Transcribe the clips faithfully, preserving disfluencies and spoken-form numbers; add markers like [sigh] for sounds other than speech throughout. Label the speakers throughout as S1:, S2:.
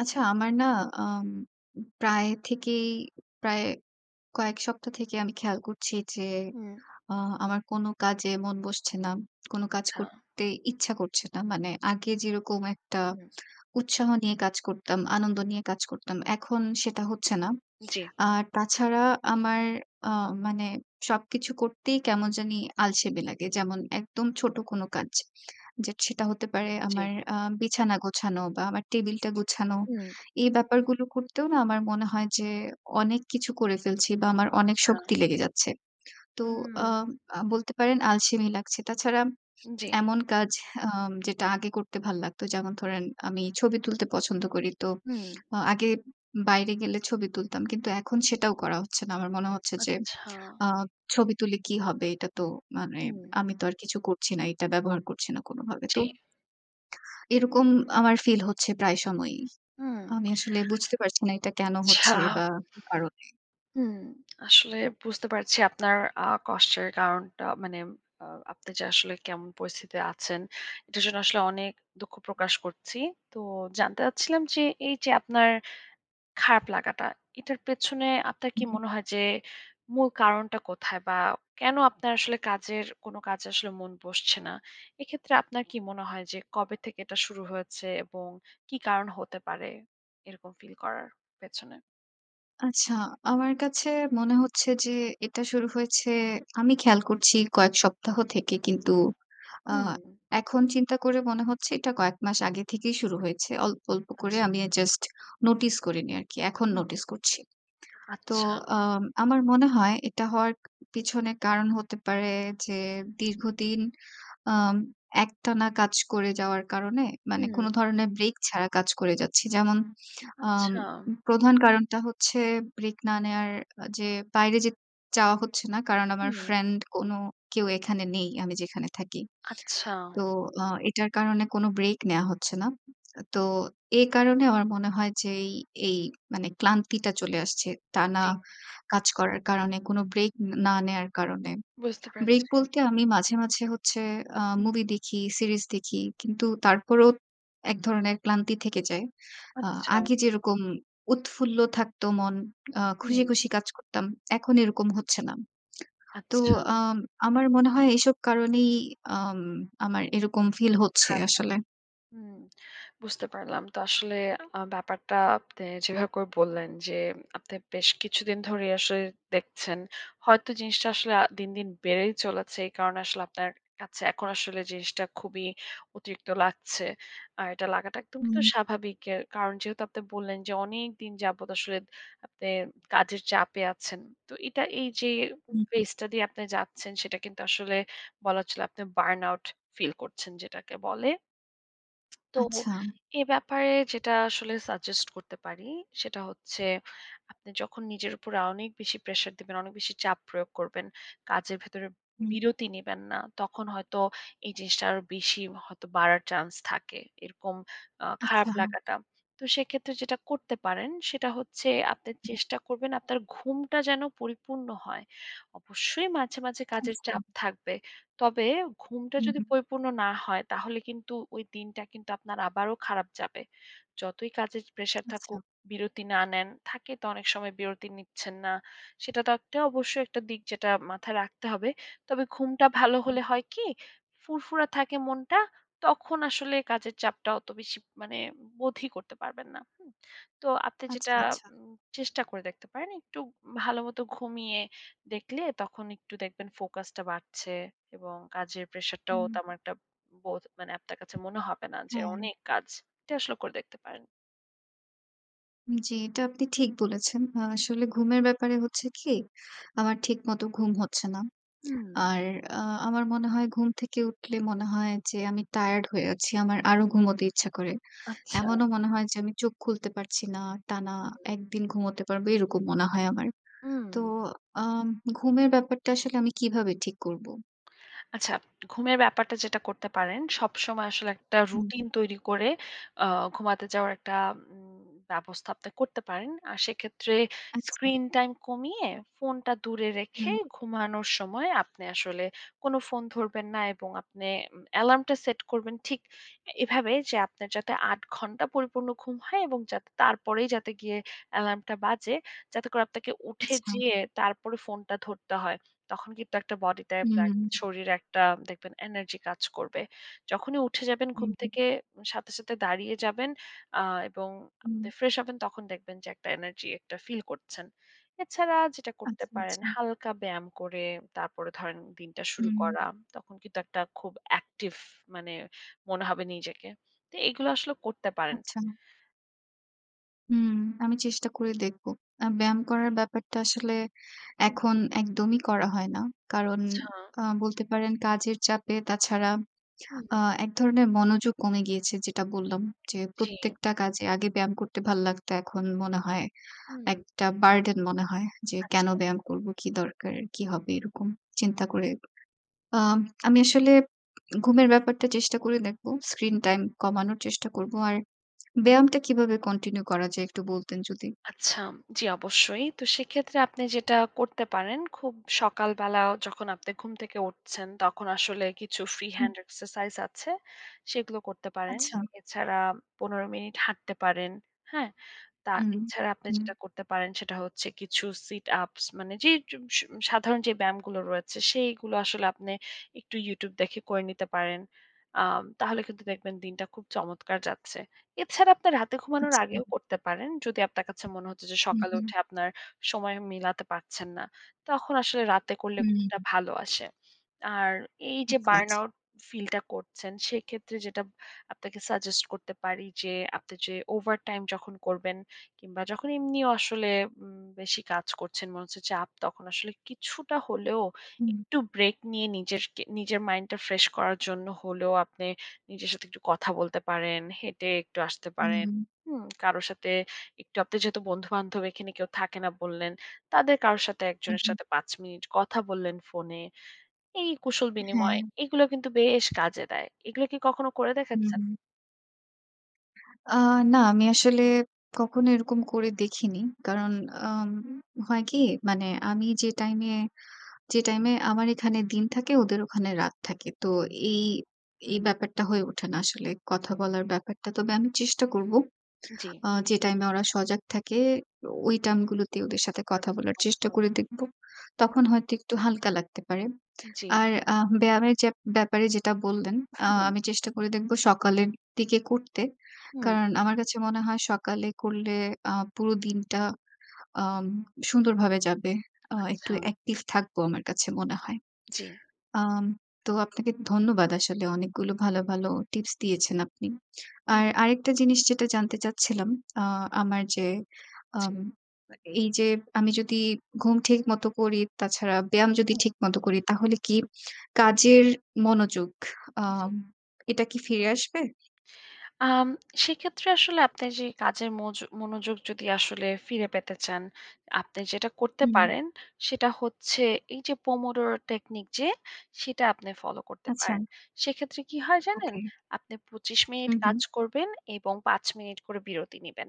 S1: আচ্ছা, আমার না আম উম প্রায় থেকেই, প্রায় কয়েক সপ্তাহ থেকেই আমি খেয়াল করছি যে,
S2: হুম।
S1: আ আমার কোনো কাজে মন বসছে না। কোনো কাজ
S2: আচ্ছা।
S1: করতে ইচ্ছা করছে না। মানে আগে যেরকম একটা
S2: হুম।
S1: [tsk] উৎসাহ নিয়ে কাজ করতাম। আনন্দ নিয়ে কাজ করতাম। এখন সেটা হচ্ছে না।
S2: জি।
S1: [tsk] আর তাছাড়া আমার আ মানে সবকিছু করতেই কেমন জানি আলসেমি লাগে। যেমন একদম ছোট কোনো কাজ। যে সেটা হতে পারে
S2: জি।
S1: আমার আ বিছানা গোছানো বা আমার টেবিলটা গোছানো।
S2: হুম।
S1: এই ব্যাপারগুলো করতেও না আমার মনে হয় যে, অনেক কিছু করে ফেলছি। বা আমার অনেক
S2: আচ্ছা।
S1: শক্তি লেগে যাচ্ছে। তো আ
S2: হুম।
S1: আ বলতে পারেন আলসেমি লাগছে। তাছাড়া
S2: জি।
S1: এমন কাজ আ যেটা আগে করতে ভালো লাগতো। যেমন ধরেন আমি ছবি তুলতে পছন্দ করি। তো
S2: হুম।
S1: আ আগে বাইরে গেলে ছবি তুলতাম। কিন্তু এখন সেটাও করা হচ্ছে না। আমার মনে হচ্ছে যে
S2: আচ্ছা।
S1: আ ছবি তুলে কি হবে? এটা তো মানে
S2: হুম।
S1: আমি তো আর কিছু করছি না। এটা ব্যবহার করছি না কোনোভাবে।
S2: জি।
S1: তো [tsk] এরকম আমার ফিল হচ্ছে প্রায় সময়ই।
S2: হুম,
S1: আমি আসলে বুঝতে পারছি না এটা কেন
S2: আচ্ছা।
S1: হচ্ছে বা কি কারণে?
S2: হুম। আসলে বুঝতে পারছি আপনার আ কষ্টের কারণটা। মানে আ আপনি যে আসলে কেমন পরিস্থিতিতে আছেন, এটার জন্য আসলে অনেক দুঃখ প্রকাশ করছি। তো জানতে চাচ্ছিলাম যে, এইযে আপনার খারাপ লাগাটা, এটার পেছনে আপনার
S1: হু,
S2: কি
S1: হু।
S2: মনে হয় যে, মূল কারণটা কোথায়? বা কেন আপনার আসলে কাজের কোন কাজে আসলে মন বসছে না? এক্ষেত্রে আপনার কি মনে হয় যে, কবে থেকে এটা শুরু হয়েছে? এবং কী কারণ হতে পারে এরকম ফিল করার পেছনে?
S1: আচ্ছা, আমার কাছে মনে হচ্ছে যে এটা শুরু হয়েছে। আমি খেয়াল
S2: হুম।
S1: করছি কয়েক সপ্তাহ থেকে কিন্তু, আ
S2: হুম, হুম।
S1: এখন চিন্তা করে মনে হচ্ছে এটা কয়েক মাস আগে থেকেই শুরু হয়েছে। অল্প, অল্প করে
S2: আচ্ছা।
S1: আমি এ জাস্ট নোটিস করিনি আরকি। এখন
S2: হুম।
S1: নোটিস করছি। তো
S2: আচ্ছা।
S1: আম আমার মনে হয় এটা হওয়ার পিছনে কারণ হতে পারে যে দীর্ঘদিন, আম একটানা কাজ করে যাওয়ার কারণে মানে কোনো
S2: হুম।
S1: ধরনের ব্রেক ছাড়া কাজ করে যাচ্ছি। যেমন আম
S2: আচ্ছা।
S1: প্রধান কারণটা হচ্ছে ব্রেক না নেওয়ার আ যে বাইরে যে যাওয়া হচ্ছে না। কারণ আমার
S2: হুম।
S1: ফ্রেন্ড কোনো কেউ এখানে নেই। আমি যেখানে থাকি।
S2: আচ্ছা।
S1: তো আ এটার কারণে কোনো ব্রেক নেয়া হচ্ছে না। তো এই কারণে আমার মনে হয় যে এই, এই মানে ক্লান্তিটা চলে আসছে। টানা
S2: জি।
S1: কাজ করার কারণে, কোনো ব্রেক না নেয়ার কারণে।
S2: বুঝতে
S1: ব্রেক
S2: পেরেছি।
S1: বলতে আমি মাঝে, মাঝে হচ্ছে আ
S2: হুম।
S1: মুভি দেখি, সিরিজ দেখি। কিন্তু
S2: হুম।
S1: তারপরও, এক ধরনের ক্লান্তি থেকে যায়। আ
S2: আচ্ছা।
S1: আগে যেরকম উৎফুল্ল থাকতো মন, আ
S2: হুম।
S1: খুশি, খুশি কাজ করতাম, এখন এরকম হচ্ছে না। তো
S2: আচ্ছা।
S1: আম আমার মনে হয় এসব কারণেই আম আমার এরকম ফিল হচ্ছে
S2: খারাপ [unintelligible]
S1: আসলে।
S2: হুম, বুঝতে পারলাম। তো আসলে আ ব্যাপারটা আপনে যেভাবে করে বললেন যে, আপনি বেশ কিছুদিন ধরেই আসলে দেখছেন। হয়তো জিনিসটা আসলে দিন, দিন বেড়েই চলেছে। এই কারণে আসলে আপনার কাছে এখন আসলে জিনিসটা খুবই অতিরিক্ত লাগছে। আর এটা লাগাটা একদম কিন্তু
S1: হুম।
S2: স্বাভাবিক। এর কারণ যেহেতু আপনি বললেন যে, অনেকদিন যাবত আসলে আপনি কাজের চাপে আছেন। তো এটা এইযে
S1: হু, হু।
S2: phase টা দিয়ে আপনি যাচ্ছেন, সেটা কিন্তু আসলে বলা চলে আপনি burn out ফিল করছেন যেটাকে বলে। [tsk] তো,
S1: আচ্ছা।
S2: এ ব্যাপারে যেটা আসলে suggest করতে পারি সেটা হচ্ছে, আপনি যখন নিজের উপর অনেক বেশি প্রেশার দিবেন, অনেক বেশি চাপ প্রয়োগ করবেন। কাজের ভেতরে
S1: হুম।
S2: বিরতি নিবেন না। তখন হয়তো এই জিনিসটা আরো বেশি হয়তো বাড়ার চান্স থাকে। এরকম আ খারাপ
S1: আচ্ছা।
S2: লাগাটা। তো সেক্ষেত্রে যেটা করতে পারেন সেটা হচ্ছে, আপনি
S1: হুম।
S2: চেষ্টা করবেন আপনার ঘুমটা যেন পরিপূর্ণ হয়। অবশ্যই মাঝে, মাঝে কাজের
S1: আচ্ছা।
S2: চাপ থাকবে। তবে ঘুমটা
S1: হুম।
S2: যদি পরিপূর্ণ না হয় তাহলে কিন্তু, ওই দিনটা কিন্তু আপনার আবারও খারাপ যাবে। যতই কাজের প্রেশার থাকুক,
S1: আচ্ছা।
S2: বিরতি না নেন, থাকে তো অনেক সময় বিরতি নিচ্ছেন না। সেটাতে অবশ্যই একটা দিক যেটা মাথায় রাখতে হবে। তবে ঘুমটা ভালো
S1: হুম।
S2: হলে হয় কি? ফুরফুরা থাকে মনটা। তখন আসলে কাজের চাপটা অত বেশি মানে বোধই করতে পারবেন না। হুম? তো আপনি যেটা
S1: আচ্ছা, আচ্ছা।
S2: উম চেষ্টা করে দেখতে পারেন, একটু ভালো মতো ঘুমিয়ে দেখলে, তখন একটু দেখবেন ফোকাসটা বাড়ছে এবং কাজের প্রেশারটাও
S1: হুম।
S2: তেমন একটা বোধ মানে আপনার কাছে মনে হবে না যে
S1: হ্যাঁ।
S2: অনেক কাজ। এটি আসলে করে দেখতে পারেন।
S1: জি, এটা আপনি ঠিক বলেছেন। আ আসলে ঘুমের ব্যাপারে হচ্ছে কি, আমার ঠিকমতো ঘুম হচ্ছে না।
S2: হুম।
S1: আর আ আমার মনে হয় ঘুম থেকে উঠলে মনে হয় যে, আমি tired হয়ে আছি, আমার আরো ঘুমোতে ইচ্ছা করে।
S2: আচ্ছা।
S1: এমনও মনে হয় যে আমি চোখ খুলতে পারছি না, টানা
S2: হুম।
S1: এক দিন ঘুমোতে পারব, এরকম মনে হয় আমার। তো
S2: হুম।
S1: আম ঘুমের ব্যাপারটা আসলে আমি কীভাবে ঠিক করব?
S2: আচ্ছা, ঘুমের ব্যাপারটা যেটা করতে পারেন, সবসময় আসলে একটা
S1: হুম।
S2: রুটিন তৈরি করে, আ ঘুমাতে যাওয়ার একটা উম ব্যবস্থা আপনি করতে পারেন। আর সেক্ষেত্রে
S1: আচ্ছা।
S2: স্ক্রিন টাইম কমিয়ে, ফোনটা দূরে রেখে,
S1: হুম।
S2: ঘুমানোর সময় আপনি আসলে কোনো ফোন ধরবেন না এবং আপনি ম অ্যালার্মটা সেট করবেন ঠিক এভাবে যে, আপনার যাতে আট ঘণ্টা পরিপূর্ণ ঘুম হয় এবং যাতে তারপরেই যাতে গিয়ে এলার্মটা বাজে, যাতে করে আপনাকে উঠে
S1: আচ্ছা।
S2: যেয়ে, তারপরে ফোনটা ধরতে হয়। তখন কিন্তু একটা body টায় ব্যা
S1: হুম।
S2: শরীরে একটা দেখবেন energy কাজ করবে। যখনই উঠে যাবেন ঘুম
S1: হুম, হুম।
S2: থেকে সাথে, সাথে দাঁড়িয়ে যাবেন, আ এবং আপনি
S1: হুম।
S2: ফ্রেশ হবেন তখন দেখবেন যে, একটা energy একটা feel করছেন। এছাড়া যেটা করতে
S1: আচ্ছা,
S2: পারেন,
S1: আচ্ছা।
S2: হালকা ব্যায়াম করে, তারপরে ধরেন দিনটা শুরু
S1: হুম।
S2: করা, তখন কিন্তু একটা খুব active মানে মনে হবে নিজেকে। তো এগুলো আসলে করতে পারেন।
S1: আচ্ছা। হুম, আমি চেষ্টা করে দেখব। আ
S2: হুম, জি।
S1: ব্যায়াম করার ব্যাপারটা আসলে
S2: হুম।
S1: এখন একদমই করা হয় না কারণ
S2: আচ্ছা।
S1: আ বলতে পারেন, কাজের চাপে তাছাড়া
S2: হুম,
S1: আ
S2: হুম।
S1: এক ধরনের মনোযোগ কমে গিয়েছে। যেটা বললাম, যে
S2: জি।
S1: প্রত্যেকটা কাজে আগে ব্যায়াম করতে ভাল্লাগতো, এখন মনে হয়
S2: হুম।
S1: একটা বার্ডেন মনে হয়, যে কেন
S2: আচ্ছা।
S1: ব্যায়াম করবো, কি দরকার, কী হবে? এরকম চিন্তা করে, আম আমি আসলে ঘুমের ব্যাপারটা চেষ্টা করে দেখব। Screen time কমানোর চেষ্টা করব। আর ব্যায়ামটা কিভাবে continue করা যায়, একটু বলতেন যদি?
S2: আচ্ছা, জি অবশ্যই। তো সেক্ষেত্রে আপনি যেটা করতে পারেন, খুব সকালবেলাও যখন আপনি ঘুম থেকে উঠছেন, তখন আসলে কিছু free
S1: হুম।
S2: hand exercise আছে। সেগুলো করতে পারেন।
S1: আচ্ছা।
S2: এছাড়া পনেরো মিনিট হাঁটতে পারেন। হ্যাঁ? তা
S1: হুম,
S2: এছাড়া আপনি
S1: হুম।
S2: যেটা করতে পারেন সেটা হচ্ছে, কিছু sit ups মানে যে জু স সাধারণ যে ব্যায়ামগুলো রয়েছে, সেইগুলো আসলে আপনি একটু YouTube দেখে করে নিতে পারেন। আ তাহলে কিন্তু দেখবেন দিনটা খুব চমৎকার যাচ্ছে। এছাড়া আপনার রাতে ঘুমানোর
S1: আচ্ছা।
S2: আগেও করতে পারেন। যদি আপনার কাছে মনে হচ্ছে যে,
S1: হুম,
S2: সকালে
S1: হুম।
S2: উঠে আপনার সময় মিলাতে পারছেন না। তখন আসলে রাতে করলে ঘুমটা
S1: হুম।
S2: ভালো আসে। আর এই যে
S1: আচ্ছা,
S2: burn
S1: আচ্ছা।
S2: out feel টা করছেন, সেক্ষেত্রে যেটা আপনাকে suggest করতে পারি যে, আপনি যে overtime যখন করবেন কিংবা যখন এমনিও আসলে উম বেশি কাজ করছেন, মনে হচ্ছে যে চাপ, তখন আসলে কিছুটা হলেও
S1: হুম।
S2: একটু ব্রেক নিয়ে নিজেরকে নিজের mind টা fresh করার জন্য হলেও, আপনি নিজের সাথে একটু কথা বলতে পারেন, হেঁটে একটু আসতে
S1: হুম,
S2: পারেন।
S1: হুম।
S2: হুম? কারো সাথে একটু আপনি যেহেতু বন্ধুবান্ধব এখানে কেউ থাকে না বললেন, তাদের কারো সাথে
S1: হুম,
S2: একজনের
S1: হুম।
S2: সাথে পাঁচ মিনিট কথা বললেন ফোনে। এই কুশল
S1: হ্যাঁ।
S2: বিনিময়, এগুলোও কিন্তু বেশ কাজে দেয়। এগুলো কি কখনো করে
S1: হুম,
S2: দেখেচ্ছেন?
S1: হুম। আ না, আমি আসলে কখনো এরকম করে দেখিনি। কারণ আম হয় কি? মানে আমি যে টাইমে যে টাইমে আমার এখানে দিন থাকে ওদের ওখানে রাত থাকে। তো এই এই
S2: হুম।
S1: ব্যাপারটা হয়ে ওঠে না আসলে। কথা
S2: জি।
S1: বলার ব্যাপারটা। তবে আমি চেষ্টা করব।
S2: জি।
S1: আ যে টাইমে ওরা সজাগ থাকে, ঐ টাম গুলোতে ওদের সাথে কথা বলার চেষ্টা করে
S2: [unintelligible]
S1: দেখব।
S2: হুম,
S1: তখন
S2: হুম।
S1: হয়তো একটু হালকা লাগতে পারে।
S2: জি।
S1: আর আ ব্যায়ামের যে ব্যাপারে যেটা বললেন, আ
S2: [unintelligible]
S1: আমি চেষ্টা করে দেখব সকালের দিকে করতে।
S2: হুম।
S1: কারণ আমার কাছে মনে হয় সকালে করলে আ পুরো দিনটা আ সুন্দরভাবে যাবে। আ একটু
S2: আচ্ছা।
S1: অ্যাকটিভ থাকবো আমার কাছে মনে হয়।
S2: জি।
S1: আম তো আপনাকে ধন্যবাদ আসলে অনেকগুলো ভালো, ভালো টিপস দিয়েছেন আপনি।
S2: হুম।
S1: আর আরেকটা জিনিস যেটা জানতে চাচ্ছিলাম, আ আমার যে
S2: জি।
S1: আম এ এইযে আমি যদি ঘুম ঠিকমত করি, তাছাড়া ব্যায়াম যদি
S2: হু।
S1: ঠিকমত করি, তাহলে কি কাজের মনোযোগ আ
S2: জি।
S1: এটা কি ফিরে আসবে?
S2: আম সেক্ষেত্রে আসলে আপনি যেই কাজের ময মনোযোগ যদি আসলে ফিরে পেতে চান, আপনি যেটা করতে
S1: হুম।
S2: পারেন সেটা হচ্ছে এইযে পোমোডরো টেকনিক যে, সেটা আপনি ফলো করতে
S1: আচ্ছা।
S2: পারেন। সেইক্ষেত্রে কি হয় জানেন?
S1: ওকে।
S2: আপনি পঁচিশ মিনিট
S1: হুম,
S2: কাজ
S1: হুম।
S2: করবেন এবং পাঁচ মিনিট করে বিরতি নিবেন।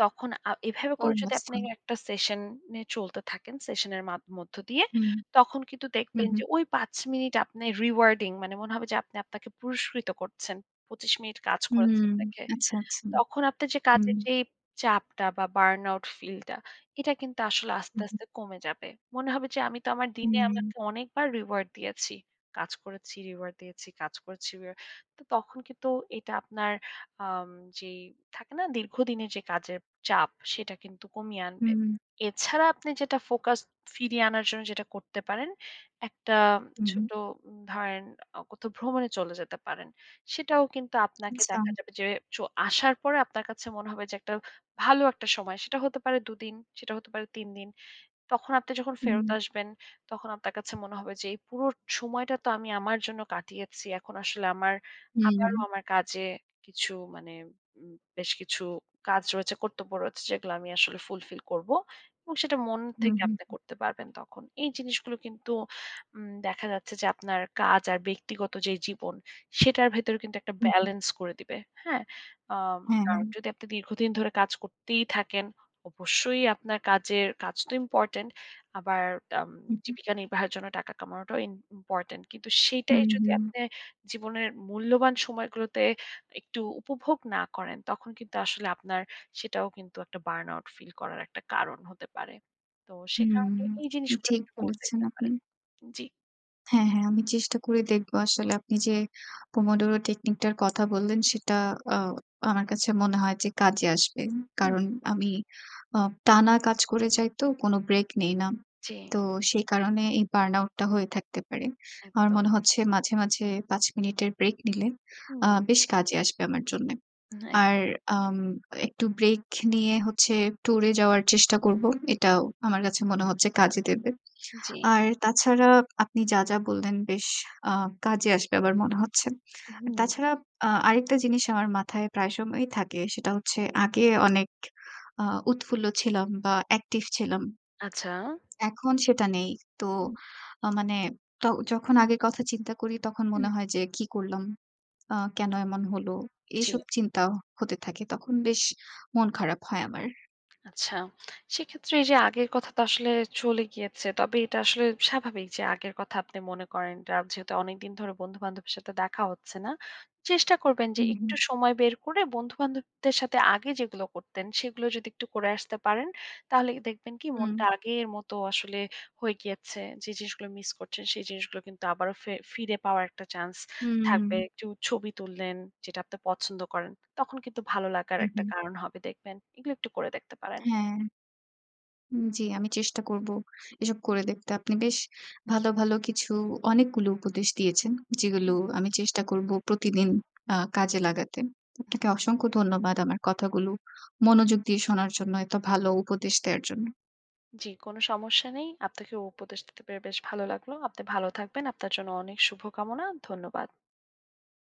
S2: তখন আ এভাবে
S1: ও
S2: করে যদি আপনি
S1: মাচ্ছা।
S2: একটা সেশন-নে চলতে থাকেন, সেশনের মাধ মধ্য দিয়ে
S1: হুম।
S2: তখন কিন্তু
S1: হুম,
S2: দেখবেন
S1: হুম।
S2: যে ঐ পাঁচ মিনিট আপনি রিওয়ার্ডিং মানে মনে হবে যে, আপনি আপনাকে পুরস্কৃত করছেন। পঁচিশ মিনিট কাজ করেছেন
S1: হুম।
S2: দেখে।
S1: আচ্ছা, আচ্ছা।
S2: তখন আপনার যে
S1: হুম।
S2: কাজের যেই চাপটা বা বার্নআউট ফিল টা, এটা কিন্তু আসলে আস্তে,
S1: হুম, হুম।
S2: আস্তে কমে যাবে। মনে হবে যে আমি তো আমার দিনে
S1: হুম।
S2: আমাকে অনেকবার রিওয়ার্ড দিয়েছি। কাজ করেছি, রিওয়ার্ড দিয়েছি, কাজ করেছি রিও তো তখন কিন্তু এটা আপনার আম যে, থাকে না? দীর্ঘদিনের যে কাজের চাপ। সেটা কিন্তু কমিয়ে আনবে।
S1: হুউম।
S2: এছাড়া আপনি যেটা ফোকাস ফিরিয়ে আনার জন্য যেটা করতে পারেন, একটা
S1: হুম।
S2: ছোট ধরেন অ কোথাও ভ্রমণে চলে যেতে পারেন। সেটাও কিন্তু আপনাকে
S1: আচ্ছা।
S2: দেখা যাবে যে চ আসার পরে আপনার কাছে মনে হবে যে, একটা ভালো একটা সময়। সেটা হতে পারে দু দিন। সেটা হতে পারে তিন দিন। তখন আপনি যখন ফেরত
S1: হুম।
S2: আসবেন, তখন আপনার কাছে মনে হবে যে, "এই পুরো সময়টা তো আমি আমার জন্য কাটিয়েছি। এখন আসলে আমার
S1: হুম,
S2: আবারও
S1: হুম।
S2: আমার কাজে কিছু মানে ম বেশ কিছু কাজ রয়েছে, কর্তব্য রয়েছে, যেগুলো আমি আসলে ফুলফিল করব।" এবং সেটা মন
S1: হুম,
S2: থেকে
S1: হুম,
S2: আপনি
S1: হুম।
S2: করতে পারবেন তখন। এই জিনিসগুলো কিন্তু উম দেখা যাচ্ছে যে, আপনার কাজ আর ব্যক্তিগত যেই জীবন, সেটার ভেতরও কিন্তু একটা
S1: হু, হু।
S2: ব্যাল্যান্স করে দিবে। হ্যাঁ? আ
S1: হ্যাঁ,
S2: আর
S1: হ্যাঁ।
S2: যদি আপনি দীর্ঘদিন ধরে কাজ করতেই থাকেন, অবশ্যই আপনার কাজের কাজ তো ইম্পোর্টেন্ট। আবার আম
S1: হু, হু।
S2: জীবিকা নির্বাহের জন্য টাকা কমানোটাও ইম ইম্পোর্টেন্ট। কিন্তু সেটাই
S1: হুম,
S2: যদি
S1: হুম।
S2: আপনে জীবনের মূল্যবান সময়গুলোতে একটু উপভোগ না করেন, তখন কিন্তু আসলে আপনার সেটাও কিন্তু একটা বার্নআউট ফিল করার একটা কারণ হতে পারে। তো সে
S1: হুম।
S2: কারণে এই জিনিসগুলো
S1: ঠিক
S2: একটু করে
S1: বলেছেন
S2: দেখতে
S1: আপনি।
S2: পারেন। জি।
S1: হ্যাঁ, হ্যাঁ, আমি চেষ্টা করে দেখবো, আসলে আপনি যে
S2: উম।
S1: পোমডোরো টেকনিকটার কথা বললেন, সেটা আ আমার কাছে মনে হয় যে কাজে আসবে।
S2: উম।
S1: কারণ আমি, আ টানা কাজ করে যাই তো, কোনো ব্রেক নেই না।
S2: জি।
S1: তো সে কারণে এই বার্ন আউটটা হয়ে থাকতে পারে। আমার
S2: একদম।
S1: মনে হচ্ছে, মাঝে-মাঝে পাঁচ মিনিটের ব্রেক নিলে, আ
S2: হুম।
S1: বেশ কাজে আসবে আমার জন্যে।
S2: হুম, একদম।
S1: আর আম একটু ব্রেক নিয়ে হচ্ছে ট্যুরে যাওয়ার চেষ্টা করবো। এটাও আমার কাছে মনে হচ্ছে কাজে দেবে।
S2: জি।
S1: আর তাছাড়া আপনি যা, যা বললেন, বেশ আ কাজে আসবে আবার মনে হচ্ছে।
S2: হুম।
S1: তাছাড়া, আ আরেকটা জিনিস আমার মাথায় প্রায় সময়ই থাকে। সেটা হচ্ছে, আগে অনেক আ উৎফুল্ল ছিলাম বা অ্যাকটিভ ছিলাম
S2: আচ্ছা।
S1: এখন সেটা নেই। তো
S2: উম।
S1: আ মানে তো, যখন আগের কথা চিন্তা করি তখন
S2: উম।
S1: মনে হয় যে, "কি করলাম, আ কেনো এমন হলো?"
S2: জি।
S1: এসব চিন্তাও হতে থাকে। তখন বেশ মন খারাপ হয় আমার।
S2: আচ্ছা। সেক্ষেত্রে এইযে আগের কথা তো আসলে চলে গিয়েছে। তবে এটা আসলে স্বাভাবিক যে আগের কথা আপনি মনে করেন, আর যেহেতু অনেকদিন ধরে বন্ধু-বান্ধবের সাথে দেখা হচ্ছে না। চেষ্টা করবেন যে
S1: উম,
S2: একটু
S1: হুম।
S2: সময় বের করে বন্ধু-বান্ধবদের সাথে আগে যেগুলো করতেন, সেগুলো যদি একটু করে আসতে পারেন, তাহলে দেখবেন কি
S1: হুম।
S2: মনটা আগের মতো আসলে হয়ে গিয়েছে। যে জিনিসগুলো মিস করছেন, সেই জিনিসগুলো কিন্তু আবারও ফে ফিরে পাওয়ার একটা চান্স থাকবে।
S1: হুম।
S2: একটু ছবি তুললেন, যেটা আপনি পছন্দ করেন। তখন কিন্তু ভালো লাগার একটা
S1: উহু।
S2: কারণ হবে, দেখবেন। এগুলো একটু করে দেখতে পারেন।
S1: হ্যাঁ। উম জি, আমি চেষ্টা করবো এসব করে দেখতে। আপনি বেশ ভালো, ভালো কিছু অনেকগুলো উপদেশ দিয়েছেন। যেগুলো
S2: উম।
S1: আমি চেষ্টা করবো প্রতিদিন আ কাজে লাগাতে। আপনাকে অসংখ্য ধন্যবাদ আমার কথাগুলো মনোযোগ দিয়ে শোনার জন্য, এত ভালো উপদেশ দেওয়ার জন্য।
S2: জি, কোনো সমস্যা নেই। আপনাকে উপদেশ দিতে পেরে বেশ ভালো লাগলো। আপনি ভালো থাকবেন। আপনার জন্য অনেক শুভকামনা। ধন্যবাদ।